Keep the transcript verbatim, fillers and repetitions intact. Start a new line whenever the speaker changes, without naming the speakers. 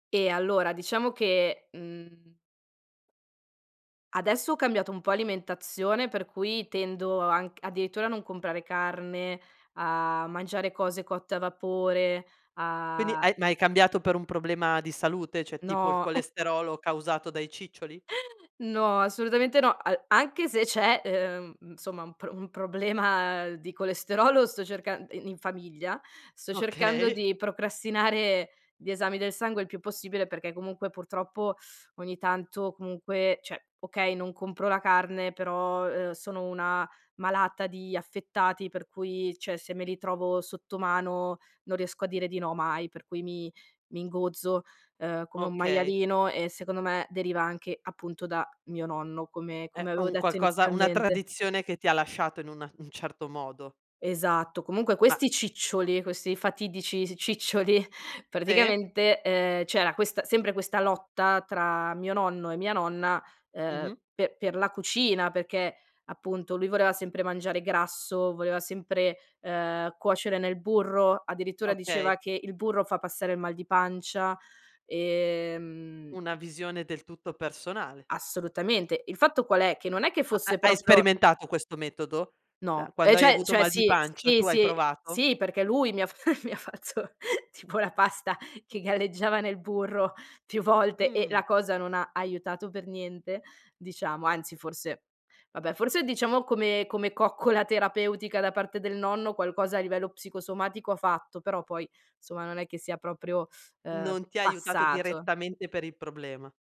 Eh, allora diciamo che mhmm adesso ho cambiato un po' alimentazione per cui tendo anc addirittura a non comprare carne, a mangiare cose cotte a vapore,
Quindi
a
hai ma hai cambiato per un problema di salute, ceh tipo il
No.
colesterolo causato dai ciccioli?
No, assolutamente no. A anche se c'è, ehm, insomma un pro un problema di colesterolo, sto cercan i in famiglia, sto cercando
Okay.
di procrastinare gli esami del sangue il più possibile, perché comunque purtroppo ogni tanto comunque ceh, okay, non compro la carne però, uhm, sono una malata di affettati per cui, ceh, se me li trovo sotto mano non riesco a dire di no mai, per cui mi mi ingozzo, uhm, come un
Okay.
maialino e secondo me deriva anche, appunto, da mio nonno, come
È
come avevo
un
detto
qualcosa una
inizialmente.
tradizione che ti ha lasciato in una un certo modo.
Esatto, comunque
Ma
questi ciccioli, questi fatidici s ciccioli,
Sì.
praticamente, ehm, c'era questa sempre questa lotta tra mio nonno e mia nonna, ehm,
Mh-mh.
pe per la cucina, perché appunto lui voleva sempre mangiare grasso, voleva sempre, ehm, cuocere nel burro, addirittura diceva
Okay.
che il burro fa passare il mal di pancia, e mhmm
Una visione del tutto personale.
Assolutamente, il fatto qual è? Che non è che
Ha ha
fosse
hai
proprio
sperimentato questo metodo? [unintelligible]
No, ehm,
quando hai
ceh
avuto
ceh
mal di
sì,
pancia,
sì,
tu hai
sì,
provato?
sì perché lui mi ha f mi ha fatto tipo la pasta che galleggiava nel burro più volte e
Mh.
la cosa non ha aiutato per niente diciamo, anzi forse vabbè forse diciamo come come coccola terapeutica da parte del nonno qualcosa a livello psicosomatico ha fatto, però poi, insomma, non è che sia proprio, uhm,
Non ti ha aiutato
passato.
direttamente per il problema.